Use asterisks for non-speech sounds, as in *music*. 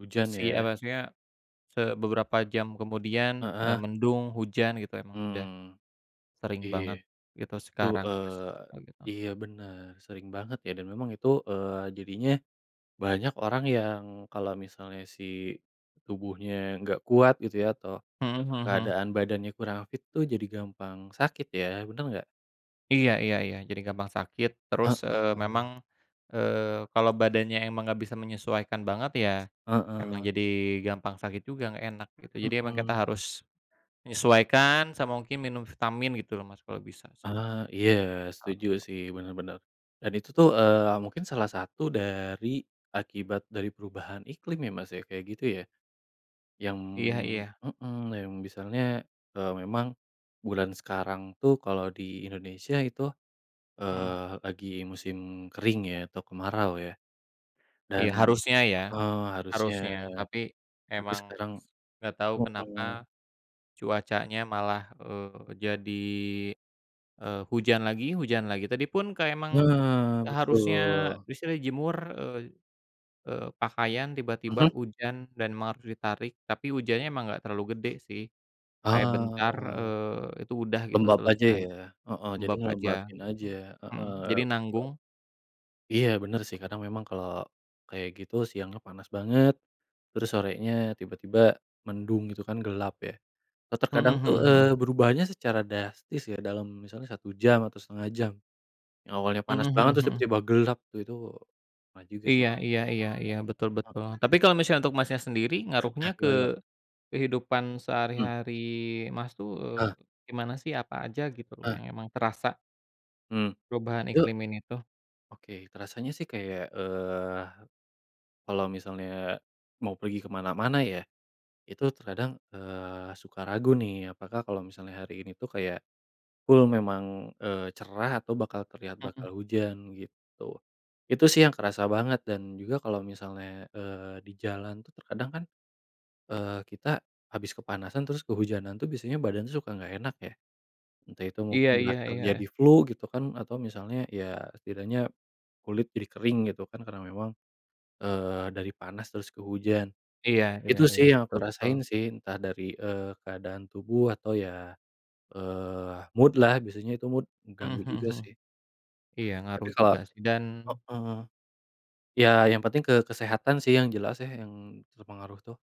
Hujan Si eee, ya? maksudnya ke beberapa jam kemudian, eee, Heeh. mendung, hujan gitu ya, ya emang udah, Hmm. sering Iya. banget gitu Tu sekarang, Mas, eee, begitu. iya benar, sering banget ya dan memang itu, eee, jadinya, banyak orang yang kalau misalnya si tubuhnya nggak kuat gitu ya, atau Mhm mhm mhm. keadaan badannya kurang fit tuh jadi gampang sakit ya, benar nggak? Iya iya iya, jadi gampang sakit terus, eee, memang, Heeh. eee, kalau badannya emang nggak bisa menyesuaikan banget ya, emang Heeh. jadi gampang sakit juga, nggak enak gitu. Jadi emang kita Mhm. harus, menyesuaikan sama mungkin, minum vitamin gitu loh, Mas, kalau bisa sih. Eee, iya, setuju *unintelligible* sih, benar benar. Dan itu tuh, eee, mungkin salah 1 dari akibat dari perubahan iklim ya, Mas, ya, kayak gitu ya. Yang Iya iya. hmm, yang misalnya, eee, memang bulan sekarang tuh kalau di Indonesia itu, Mhm. eee, lagi musim kering ya atau kemarau ya. Iya Dan harusnya ya, heeh, harusnya, harusnya, tapi, tapi memang sekarang nggak tau kenapa, mhm. cuacanya malah, eee, jadi, eee, hujan lagi hujan lagi. Tadi pun kayak emang, Eh, eee, harusnya betul. di sini jemur, eee, pakaian tiba-tiba Mhm. hujanm dan memang harus ditarik. Tapi hujannya enggak terlalu gede sih, kayak bentar, Ah. eee, itu udah gitu Lembab aja selesai ya? Heeh, jadi lembab aja ngelembabin gitu. aja. Mhm, Heeh, jadi betul. nanggung. Iya benar sih, karena memang kalau kayak gitu, siangnya panas banget, terus sorenya tiba-tiba mendung gitu, kan gelap ya. Atau Mhm terkadang tuh, mhm mhm. eee, berubahnya secara drastis ya, dalam misalnya 1 jam atau 1/2 jam, yang awalnya Mhm panas banget, mhm terus mhm. tiba-tiba gelap itu itu *unintelligible* juga sih Iya tu iya iya iya, betul betul. Tapi Mhm. kalau misalnya untuk, Mas, nya sendiri, ngaruhnya Ah, gimana ke gimana? kehidupan Mmm. sehari-hari, Mas, tuh, eee, Eh. gimana sih, apa aja gitu loh Eh. yang emang terasa Hmm, perubahan ya. iklim ini tuh? Oke, terasanya sih kayak, eee, kalau misalnya, mau pergi kemana-mana ya, itu terkadang, eee, suka ragu nih. Apakah kalau misalnya hari ini tuh kayak, full memang, eee, cerah atau bakal terlihat Mhm. bakal hujan, gitu. Itu sih yang kerasa banget, dan juga kalau misalnya, eee, di jalan tuh terkadang kan, eee, kita, habis kepanasan terus kehujanan tuh biasanya badan suka nggak enak ya, entah itu Iya mungkin iya berakhir iya. jadi flu, gitu kan, atau misalnya, ya, setidaknya kulit jadi kering gitu kan, karena memang, eee, dari panas terus ke hujan. Iya iya Itu iya. sih yang aku Betul rasain betul. sih, entah dari, eee, keadaan tubuh atau ya, eee, mood-lah, biasanya itu mood, Mhm mengganggu mhm juga mhm. sih. Iya Tapi ngaruh kalau juga sih. Dan heeh. Ya yang penting ke kesehatan sih yang jelas ya yang terpengaruh tuh.